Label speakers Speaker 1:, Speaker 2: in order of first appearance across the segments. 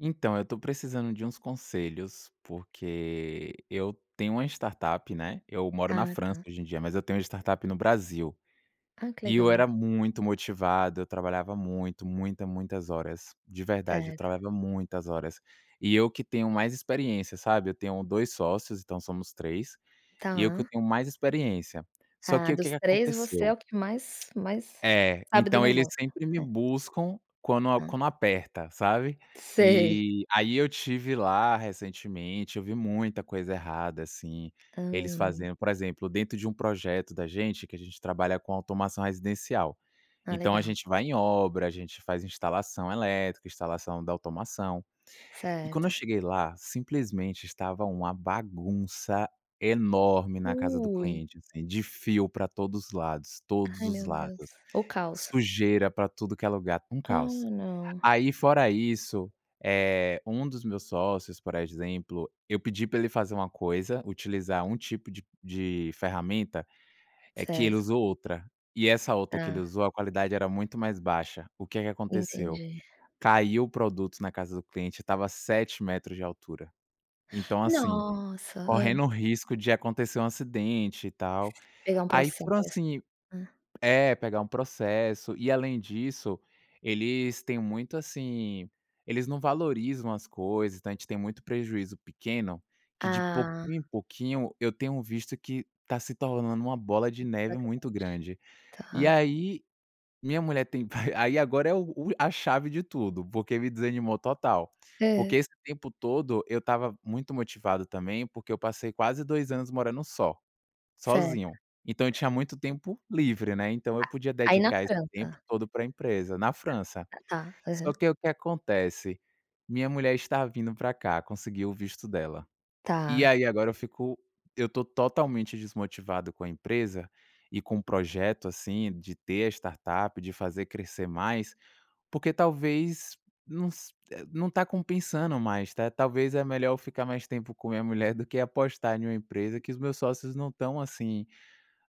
Speaker 1: Então, eu tô precisando de uns conselhos, porque eu tenho uma startup, né, eu moro na
Speaker 2: Ah
Speaker 1: França
Speaker 2: tá.
Speaker 1: hoje em dia, mas eu tenho uma startup no Brasil.
Speaker 2: Ah que
Speaker 1: E eu
Speaker 2: legal.
Speaker 1: era muito motivado, eu trabalhava muito, muita, muitas horas, de verdade, eu
Speaker 2: Certo.
Speaker 1: trabalhava muitas horas. E eu que tenho mais experiência, sabe. Eu tenho 2 sócios, então somos 3, e eu que
Speaker 2: Tá.
Speaker 1: tenho mais experiência. Só
Speaker 2: Ah
Speaker 1: que o que
Speaker 2: dos
Speaker 1: que
Speaker 2: 3 você é
Speaker 1: aconteceu
Speaker 2: o que mais mais
Speaker 1: É,
Speaker 2: sabe do
Speaker 1: então eles
Speaker 2: negócio,
Speaker 1: sempre me
Speaker 2: é.
Speaker 1: buscam quando
Speaker 2: Hã.
Speaker 1: quando aperta, sabe?
Speaker 2: Sei.
Speaker 1: E aí eu estive lá recentemente, eu vi muita coisa errada assim, eles
Speaker 2: Hã.
Speaker 1: fazendo, por exemplo, dentro de um projeto da gente, que a gente trabalha com automação residencial.
Speaker 2: Ah
Speaker 1: Então a
Speaker 2: legal.
Speaker 1: gente vai em obra, a gente faz instalação elétrica, instalação da automação. E quando eu
Speaker 2: Certo.
Speaker 1: cheguei lá, simplesmente estava uma bagunça enorme na casa do
Speaker 2: Ui.
Speaker 1: cliente, assim de fio para todos os lados, todos
Speaker 2: Ai
Speaker 1: os
Speaker 2: meu Deus,
Speaker 1: lados,
Speaker 2: o caos.
Speaker 1: sujeira para tudo que é lugar, um
Speaker 2: Ah
Speaker 1: caos.
Speaker 2: não.
Speaker 1: Aí fora isso, eh, um dos meus sócios, por exemplo, eu pedi para ele fazer uma coisa, utilizar um tipo de de ferramenta, eh, que ele
Speaker 2: Certo.
Speaker 1: usou outra e essa outra que ele
Speaker 2: Tá.
Speaker 1: usou a qualidade era muito mais baixa. O que é que aconteceu?
Speaker 2: Entendi.
Speaker 1: Caiu o produto na casa do cliente, estava a 7 metros de altura. Então assim,
Speaker 2: Nossa, hã?
Speaker 1: correndo o risco de acontecer um acidente e tal.
Speaker 2: Pegar um
Speaker 1: Aí
Speaker 2: processo,
Speaker 1: foram assim
Speaker 2: né.
Speaker 1: É, pegar um processo. E além disso, eles têm muito, assim, eles não valorizam as coisas. Então a gente tem muito prejuízo pequeno que de
Speaker 2: Ah.
Speaker 1: pouquinho em pouquinho, eu tenho visto que tá se tornando uma bola de
Speaker 2: Uma coisa
Speaker 1: neve muito
Speaker 2: grande,
Speaker 1: grande. E
Speaker 2: tá.
Speaker 1: aí minha mulher tem aí agora é a chave de tudo, porque me desanimou total, porque
Speaker 2: Hã?
Speaker 1: esse tempo todo eu estava muito motivado também, porque eu passei quase 2 anos morando só,
Speaker 2: Certo.
Speaker 1: sozinho, então eu tinha muito tempo livre, né, então eu podia
Speaker 2: Aí na
Speaker 1: dedicar esse tempo
Speaker 2: França?
Speaker 1: todo pra empresa na França.
Speaker 2: Tá,
Speaker 1: Só
Speaker 2: aham.
Speaker 1: que o que acontece, minha mulher está vindo pra cá, conseguiu o visto dela. E
Speaker 2: Tá.
Speaker 1: aí agora eu fico eu tô totalmente desmotivado com a empresa e com o projeto, assim, de ter a startup, de fazer crescer mais, porque talvez não se não tá compensando mais, né, ta talvez é melhor eu ficar mais tempo com a minha mulher do que apostar em uma empresa que os meus sócios não estão, assim,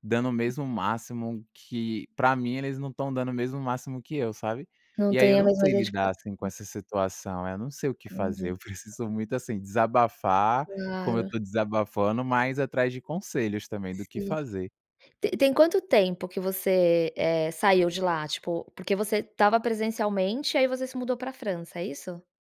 Speaker 1: dando o
Speaker 2: Hum.
Speaker 1: mesmo máximo que pra mim eles não estão dando o mesmo máximo que eu sabe?
Speaker 2: Não
Speaker 1: E aí, eu
Speaker 2: tem a
Speaker 1: não
Speaker 2: mesma
Speaker 1: sei lidar assim com
Speaker 2: dedicação.
Speaker 1: essa situação, eu não sei o que fazer,
Speaker 2: Entendi.
Speaker 1: eu preciso muito, assim, desabafar, como eu
Speaker 2: Claro.
Speaker 1: tô desabafando, mas atrás de conselhos também do que
Speaker 2: Sim.
Speaker 1: fazer.
Speaker 2: Te tem quanto tempo que você eh, saiu de lá? Tipo, porque você estava presencialmente e aí você se mudou para França, é isso?